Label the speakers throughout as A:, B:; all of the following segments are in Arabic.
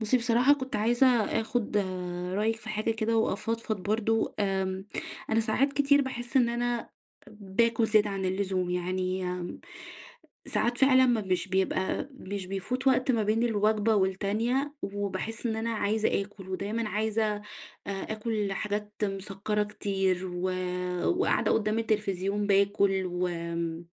A: بُصي، بصراحة كنت عايزة آخد رأيك في حاجة كده وأفضفض برضه آمم، أنا ساعات كتير باحس إن أنا باكل زيادة عن اللزوم. يعني امم، ساعات فعلًا م مش بيبقى مش بيفوت وقت ما بين الوجبة والتانية، وباحس إن أنا عايزة آكل، ودايمًا عايزة آآ آكل حاجات مسكّرة كتير، و وقاعدة قُدّام التلفزيون باكل، وآمم،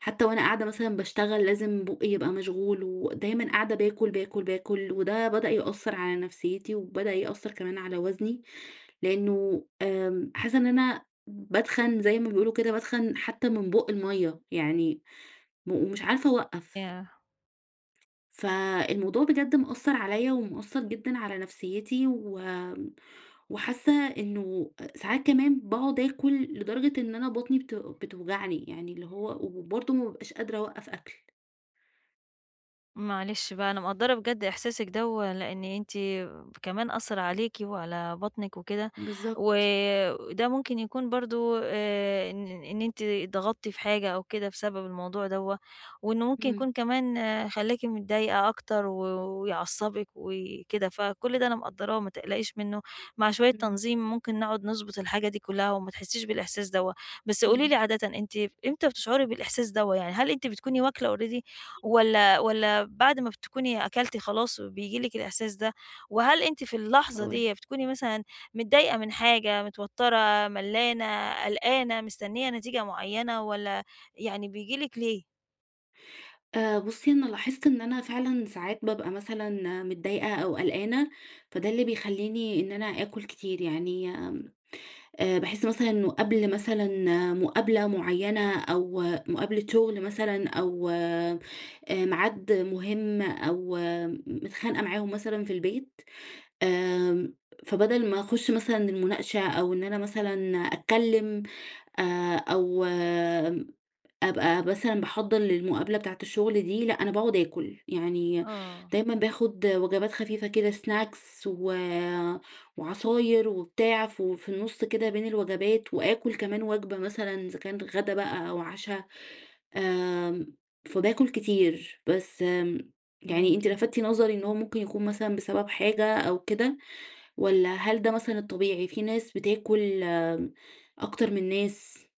A: حتى وأنا قاعدة مثلًا باشتغل لازم بوقى يبقى مشغول، ودايمًا قاعدة باكل، باكل، باكل. وده بدأ يأثر على نفسيتي، وبدأ يأثر كمان على وزني، لأنّه آمم حاسّة إن أنا باتخن زي ما بيقولوا كده باتخن حتى من بوق المَيّة يعني، مو ومش عارفة أوقف.
B: ياه!
A: فالموضوع بجد مأثرعليَّ ومأثر جدًا على نفسيتي و وحاسّة إنّه أ ساعات كمان باقعد آكل لدرجة إن أنا بطني بتو بتوجعني يعني اللي هو وبرضه ما بابقاش قادرة أوقف أكل.
B: معلش بقى، أنا مقدرة بجد إحساسكِ دَوَّة، لإن أنتِ كمان أثّر عليكِ وعلى بطنِك وكده،
A: بالضبط.
B: وده ممكن يكون برضه آآ إن إن إن أنتِ اتضغطتِ في حاجة أو كده بسبب الموضوع دَوَّة، وإنه ممكن
A: إمم.
B: يكون كمان خلّاكِ متضايقة أكتر و ويعصبك وكده. فكل ده أنا مقدراه ما تقلقيش منه. مع شوية
A: إمم.
B: تنظيم ممكن نقعد نضبط الحاجة دي كلها، وما تحسيش بالإحساس دَوَّة. بس قولي لي
A: إمم.
B: عادةً أنتِ إمتى بتشعُري بالإحساس دَوَّة؟ يعني هل أنتِ بتكوني واكلّة already والّا والّا بعد ما بتكوني أكلتِ خلاص بييجي لِك الإحساس ده؟ وهل أنتِ في اللحظة
A: هاقول
B: دية
A: لِك.
B: بتكوني مثلًا متضايقة من حاجة، متوترة، ملّانة، قلقانة، مستنية نتيجة مُعينة، والّا يعني بييجي لِك ليه؟
A: آآ بُصّي أنا لاحظت إن أنا فعلًا ساعات بابقى مثلًا متضايقة أو قلقانة، فده اللي بيخلّيني إن أنا آكل كتير يعني، آمم، آآ باحس مثلًا إنه قبل مثلًا مقابلة مُعيّنة أو مقابلة شغل مثلًا أو آآ ميعاد مهم أو م متخانقة معاهم مثلًا في البيت، آآ فبدل ما أخش مثلًا المناقشة أو إن أنا مثلًا أتكلم آآ أو أبقى مثلًا باحضّر للمقابلة بتاعة الشغل دي، لأ، أنا باقعد آكل. يعني
B: آه.
A: دايمًا باخد وجبات خفيفة كده سناكس و وعصاير وبتاع ف في النص كده بين الوجبات، وآكل كمان وجبة مثلًا إذا كان غدا بقى أو عشا. آمم، فباكل كتير، بس آمم، يعني أنتِ
B: فاهماكِ، آه.
A: لفتِ نظري إن هو ممكن يكون مثلًا بسبب حاجة أو كده والّا هل ده مثلًا الطبيعي في ناس بتاكل أكتر من ناس؟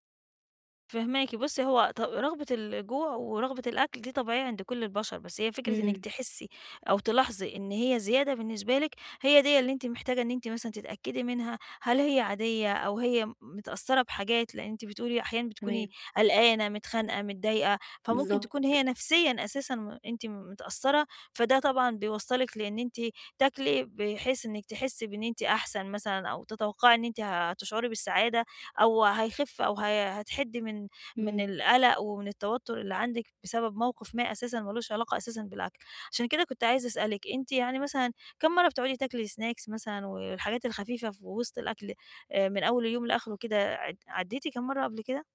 B: فاهماكِ، بُصّي هو ط رغبة الجوع ورغبة الأكل دي طبيعية عند كل البشر بس هي فكرة إنك
A: إمم.
B: تحسي أو تلاحظي إن هي زيادة بالنسبة لِك، هي دِيَّة اللي أنتِ محتاجة إن أنتِ مثلًا تتأكدي منها، هل هي عادية أو هي متأثرة بحاجات لأن أنتِ بتقولي أحيانًا بتكوني
A: تمام.
B: قلقانة، متخانقة، متضايقة، فممكن تكون هي
A: بالضبط.
B: نفسيًا أساسًا م أنتِ متأثرة، فده طبعًا بيوصّلِك لإن أنتِ تاكلي بحيث إنك تحسي بإن أنتِ أحسن مثلًا أو تتوقعي إن أنتِ هتشعري بالسعادة أو هيخف أو ه هتحِدّي من من
A: إمم.
B: القلق ومن التوتر اللي عندِك بسبب موقف ما أساسًا ما لوش علاقة أساسًا بالأكل. عشان كده كنت عايزة أسألِك، أنتِ يعني مثلًا كام مرّة بتقعدي تاكلي سناكس مثلًا والحاجات الخفيفة في وسط الأكل، آآ من أول اليوم لآخره كده ع عدّيتِ كام مرّة قبل كده؟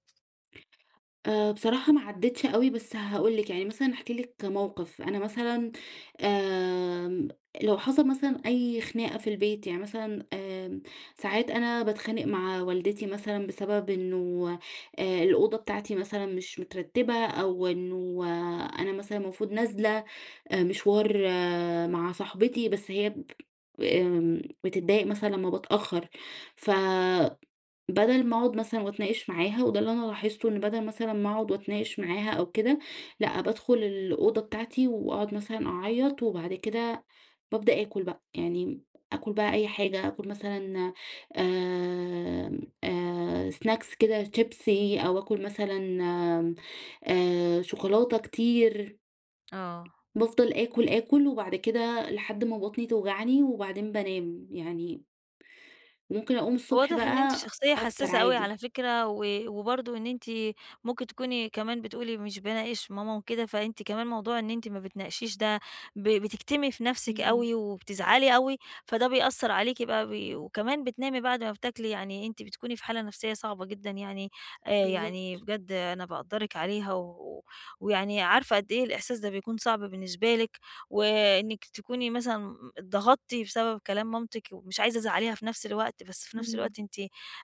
A: آآ، بصراحة ما عديتش أوي، بس هاقول لِك يعني مثلًا هاحكي لِك موقف: أنا مثلًا آمم، لو حصل مثلًا أي خناقة في البيت، يعني مثلًا آمم، ساعات أنا باتخانق مع والدتي مثلًا بسبب إنه آآ الأوضة بتاعتي مثلًا مش مترتبة، أو إنه أنا مثلًا المفروض نازلة آآ مشوار مع صاحبتي، بس هي ب آمم، بتتضايق مثلًا لمّا بتأخر، فبدل ما أقعد مثلًا وأتناقش معاها، وده اللي أنا لاحظته، إن بدل مثلًا ما أقعد وأتناقش معاها أو كده، لأ، بادخل الأوضة بتاعتي وأقعد مثلًا أعيط، وبعد كده بابدأ آكل بقى، يعني آكل بقى أي حاجة، آكل مثلًا آمم، آآ، snacks كده شيبسي، أو آكل مثلًا آآ، شوكولاتة كتير،
B: آه.
A: بافضل آكل، آكل، وبعد كده لحد ما بطني توجعني، وبعدين بانام يعني ممكن أقوم الصبح
B: واضح إن أنتِ
A: بقى
B: شخصية
A: أفطر
B: حساسة أوي على
A: عادي.
B: فكرة، و وبرضو إن أنتِ ممكن تكوني كمان بتقولي مش باناقش ماما وكده، فأنتِ كمان موضوع إن أنتِ ما بتناقشيش ده ب بتكتمي في نَفسِك
A: امم.
B: أوي وبتزعلي أوي، فده بيأثر عليكِ بقى ب وكمان بتنامي بعد ما بتاكلي، يعني أنتِ بتكوني في حالة نفسية صعبة جدًا يعني، آآ يعني
A: بالضبط.
B: بجد أنا باقدرِك عليها و ويعني عارفة قدّ إيه الإحساس ده بيكون صعب بالنسبة لِك، وإنِك تكوني مثلًا اتضغطتِ بسبب كلام مامتِك ومش عايزة تزعليها في نفس الوقت، بس في نفس
A: إمم.
B: الوقت أنتِ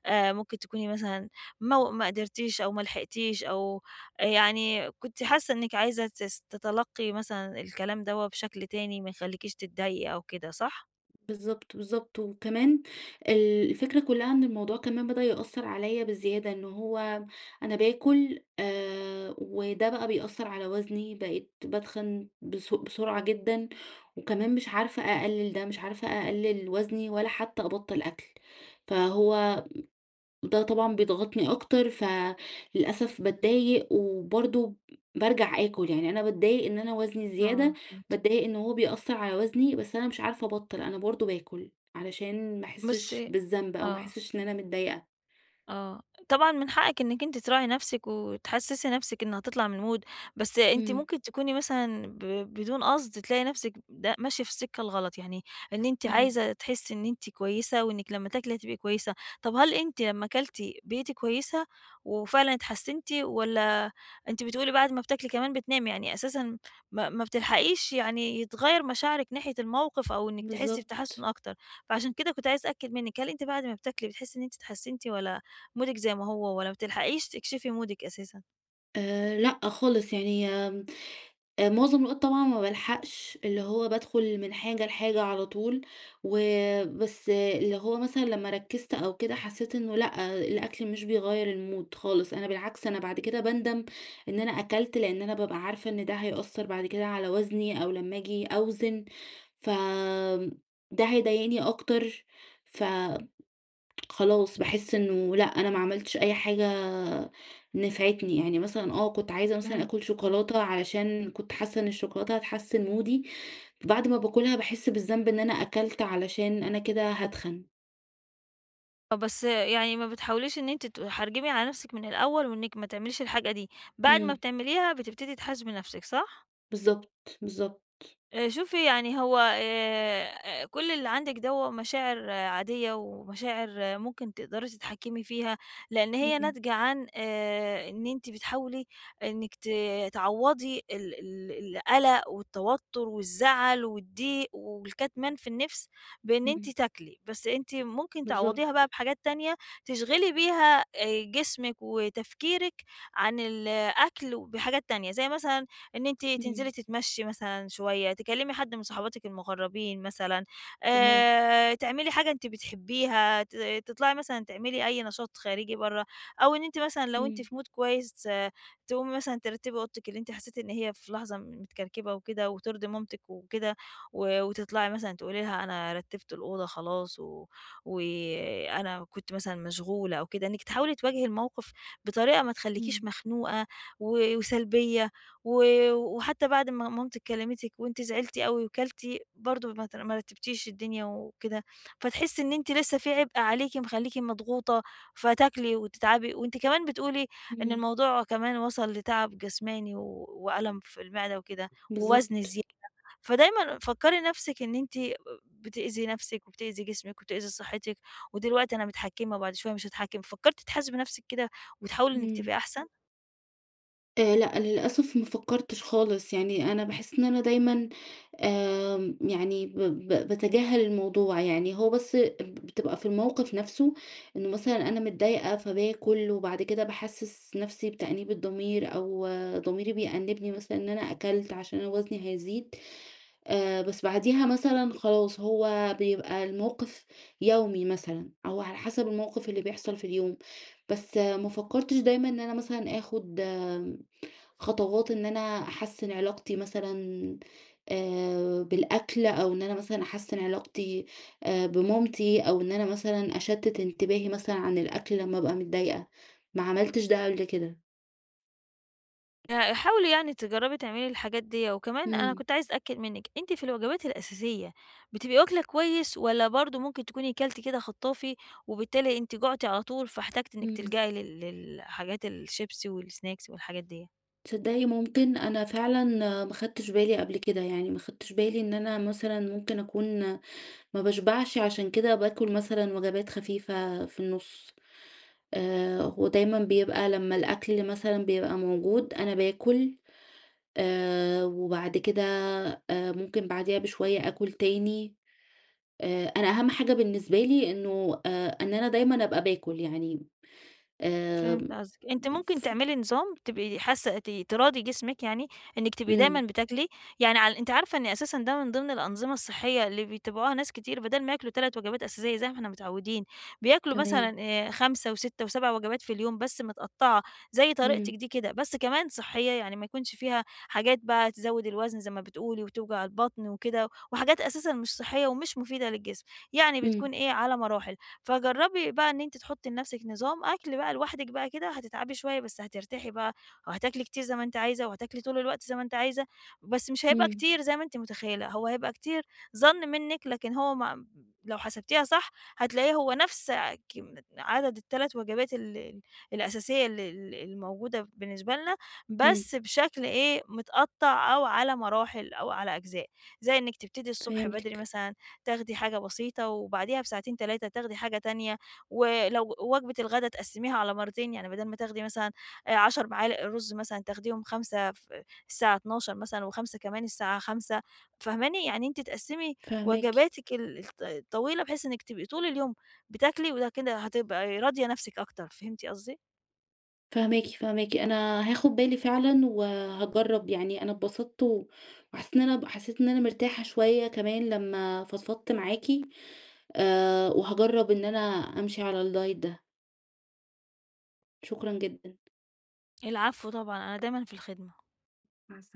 B: آآ، ممكن تكوني مثلًا مو ما قدرتيش أو ما لحقتيش أو يعني كنتِ حاسة إنِك عايزة تس تتلقي مثلًا الكلام دوّة بشكل تاني ما يخليكيش تتضايقي أو كده، صح؟
A: بالضبط، بالضبط، وكمان ال الفكرة كلّها إن الموضوع كمان بدأ يأثر عليَّ بزيادة، إنه هو أنا باكل آآ، وده بقى بيأثر على وزني، بقيت باتخن بس بسرعة جدًا، وكمان مش عارفة أقلل ده، مش عارفة أقلل وزني ولا حتى أبطّل أكل. فهو ده طبعًا بيضغطني أكتر فللأسف باتضايق وبرضو بارجع آكل يعني، أنا باتضايق إن أنا وزني
B: آه،
A: زيادة،
B: فهمتِك.
A: باتضايق إن هو بيأثر على وزني، بس أنا مش عارفة أبطّل، أنا برضو باكل علشان ما أحسش
B: بُصي
A: بالذنب أو ما
B: آه.
A: أحسش إن أنا متضايقة.
B: آه، طبعًا من حقِّك إنك أنتِ تراعي نفسِك وتحسسي نفسِك إنها تطلع من المود، بس أنتِ
A: امم.
B: ممكن تكوني مثلًا ب بدون قصد تلاقي نفسِك ده ماشية في السكة الغلط، يعني إن أنتِ
A: اهم.
B: عايزة تحسي إن أنتِ كويسة، وإنِك لمّا تاكلي هتبقى كويسة، طب هل أنتِ لمّا كلتِ بقيتِ كويسة وفعلًا اتحسنتِ، والّا أنتِ بتقولي بعد ما بتاكلي كمان بتنامي، يعني أساسًا ما ما بتلحقيش يعني يتغير مشاعرِك ناحية الموقف، أو إنك تحسي بتحسّن
A: بالضبط.
B: أكتر، فعشان كده كنت عايزة أتأكد منِك، هل أنتِ بعد ما بتاكلي بتحسي إن أنتِ اتحسنتِ، والّا مودِك زي ما هو، والّا ما بتلحقيش تكشفي مودِك أساسًا؟
A: آآ لأ خالص، يعني آمم، آآ مُعظم الوقت طبعًا ما بالحقش، اللي هو بادخُل من حاجة لحاجة على طول و بس اللي هو مثلًا لمّا ركزت أو كده حسيت إنه لأ الأكل مش بيغيّر الmood خالص، أنا بالعكس أنا بعد كده باندم إن أنا أكلت، لأن أنا بابقى عارفة إن ده هيأثر بعد كده على وزني أو لمّا آجي أوزن، ف ده هيضايقني أكتر ف خلاص، باحس إنه لأ أنا ما عملتش أي حاجة نفعتني، يعني مثلًا آه كنت عايزة مثلًا
B: فهمتِك،
A: آكُل
B: آه.
A: شوكولاتة علشان كنت حاسة إن الشوكولاتة هتحسِّن مودي بعد ما باكلها باحس بالذنب إن أنا أكلت علشان أنا كده هاتخن.
B: آه، بس يعني ما بتحاوليش إن أنتِ تحرجِمي على نفسِك من الأول وإنِّك ما تعمليش الحاجة دي، بعد ما
A: إمم.
B: بتعمليها بتبتدي تحاسبي نفسِك، صح؟
A: بالضبط، بالضبط.
B: آآ شوفي يعني هو آآ كل اللي عندِك دَوَّة مشاعر عادية، ومشاعر ممكن تقدري تتحكمي فيها، لأن هي
A: إمم.
B: ناتجة عن آآ إن أنتِ بتحاولي إنِّك ت تعوّضي ال ال القلق والتوتر والزعل والضيق والكتمان في النفس بإن أنتِ
A: إمم.
B: تاكلي، بس أنتِ ممكن تعوّضيها
A: بالضبط.
B: بقى بحاجات تانية، تشغِلي بيها آآ جسمِك وتفكيرِك عن ال أكل بحاجات تانية، زي مثلًا إن أنتِ
A: إمم.
B: تنزلي تتمشي مثلًا شوية، تكلمي حد من صاحباتِك المقربين مثلًا،
A: تمام.
B: آآ تعملي حاجة أنتِ بتحبيها، ت تطلعي مثلًا تعملي أي نشاط خارجي برّه، أو إن أنتِ مثلًا لو أنتِ
A: امم.
B: في mood كويس تقومي مثلًا ترتبي أوضتِك اللي أنتِ حسيتِ إن هي في لحظة متكركبة وكده وترضي مامتِك وكده و وتطلعي مثلًا تقولي لها أنا رتبت الأوضة خلاص و وأنا كنت مثلًا مشغولة أو كده، إنك تحاولي تواجهي الموقف بطريقة ما تخليكيش
A: امم.
B: مخنوقة و وسلبية و وحتى بعد ما مامتِك كلمتِك وأنتِ زعلتِ أوي وكلتِ، برضه ما ت ما رتبتيش الدنيا وكده، فتحسي إن أنتِ لسه فيه عبئ عليكِ مخلّيكِ مضغوطة فتاكلي وتتعبي وأنتِ كمان بتقولي إن
A: امم.
B: الموضوع كمان وصل لتعب جسماني و وألم في المعدة وكده ووزن
A: بالضبط.
B: زيادة. فدايمًا فكّري نفسِك إن أنتِ ب بتأذي نفسِك، وبتأذي جسمِك وبتأذي صحتِك، ودلوقتي أنا متحكِمة وبعد شوية مش هاتحكِم. فكَّرتِ تحاسبي نفسِك كده وتحاولي إنِّك
A: إمم.
B: تبقي أحسن؟
A: آآ لأ للأسف ما فكرتش خالص، يعني أنا باحس إن أنا دايمًا آآ يعني ب ب باتجاهل الموضوع، يعني هو بس بتبقى في الموقف نفسه إنه مثلًا أنا متضايقة فباكل وبعد كده باحسس نفسي بتأنيب الضمير، أو ضميري بيأنبني مثلًا إن أنا أكلت عشان أنا وزني هيزيد، آآ بس بعديها مثلًا خلاص هو بيبقى الموقف يومي مثلًا، أو على حسب الموقف اللي بيحصل في اليوم، بس ما فكرتش دايمًا إن أنا مثلًا آخد خطوات إن أنا أحسّن علاقتي مثلًا آآ بالأكل، أو إن أنا مثلًا أحسّن علاقتي آآ بمامتي، أو إن أنا مثلًا أشتت انتباهي مثلًا عن الأكل لما أبقى متضايقة، ما عملتش ده قبل كده.
B: آآ حاولي يعني تجربي تعملي الحاجات ديّة، وكمان أنا
A: امم.
B: كنت عايزة أتأكد منِك، أنتِ في الوجبات الأساسية بتبقي واكلة كويس، والّا برضه ممكن تكوني كلتِ كده خطّافي، وبالتالي أنتِ جُعتِ على طول فاحتاجتِ إنك
A: امم.
B: تلجأي لل لل حاجات الشيبسي، والسناكس والحاجات ديّ؟
A: تصدقي ممكن، أنا فعلًا ما خدتش بالي قبل كده، يعني ما خدتش بالي إن أنا مثلًا ممكن أكون ما باشبعش، عشان كده باكل مثلًا وجبات خفيفة في النص. آآ، ودايمًا بيبقى لمَّا الأكل مثلًا بيبقى موجود، أنا باكل، آآ، وبعد كده آآ، ممكن بعديها بشوية أكل تاني. آآ، أنا أهم حاجة بالنسبة لي إنه آآ إن أنا دايمًا أبقى باكل يعني، آآ
B: فهمت قصدِك. أنتِ ممكن تعملي نظام تبقي حاسة ت تراضي جسمِك، يعني إنك تبقي دايمًا
A: امم.
B: بتاكلي يعني. ع أنتِ عارفة إن أساسًا ده من ضمن الأنظمة الصحية اللي بيتبعوها ناس كتير، بدل ما ياكلوا 3 وجبات أساسية زي ما إحنا متعودين، بياكلوا
A: تمام.
B: مثلًا آآ، 5 و6 و7 وجبات في اليوم، بس مِتقطَّعة، زي طريقتِك
A: امم.
B: دي كده، بس كمان صحية يعني، ما يكونش فيها حاجات بقى تزود الوزن زي ما بتقولي وتوجع البطن وكده، وحاجات أساسًا مش صحية ومش مفيدة للجسم. يعني
A: امم.
B: بتكون إيه، على مراحل. فجربي بقى إن أنتِ تحطي لنفسك نظام أكل بقى لوحدك بقى كده هتتعبي شوية، بس هترتاحي بقى، وهتاكلي كتير زي ما أنتِ عايزة وهتاكلي طول الوقت زي ما أنتِ عايزة، بس مش هيبقى
A: امم.
B: كتير زي ما أنتِ متخيلة، هو هيبقى كتير ظن منك، لكن هو مم لو حسبتيها صح هتلاقيه هو نفس، آآ كمي عدد ال3 وجبات ال ال الأساسية ال ال الموجودة بالنسبة لنا،
A: امم.
B: بس بشكل إيه، مِتقطَّع أو على مراحل أو على أجزاء، زي إنك تبتدي الصبح بدري
A: فهمتِك.
B: مثلًا تاخدي حاجة بسيطة، وبعديها بساعتين، 3 تاخدي حاجة تانية، و لو وجبة الغداء تقسميها على مرتين، يعني بدل ما تاخدي مثلًا، آآ، 10 معالق رز مثلًا، تاخديهم 5 ف الساعة 12:00 مثلًا، و5 كمان الساعة 17:00 فاهماني؟ يعني أنتِ تقسمي
A: فاهماكِ.
B: وجباتك ال الط الطويلة بحيث إنِك تبقي طول اليوم بتاكلي، وده كده هتبقي راضية نفسك أكتر، فهمتِ قصدي؟
A: فاهماكِ، فاهماكِ. أنا هاخد بالي فعلًا، وهاجرب يعني. أنا انبسطت و وحسيت إن أنا حسيت إن أنا مرتاحة شوية كمان لمَّا فضفضت معاكِ. آآ، وهاجرب إن أنا أمشي على الدايت ده. شكرًَا جدًا.
B: العفو طبعًا، أنا دايمًا في الخدمة.
A: مع السلامة.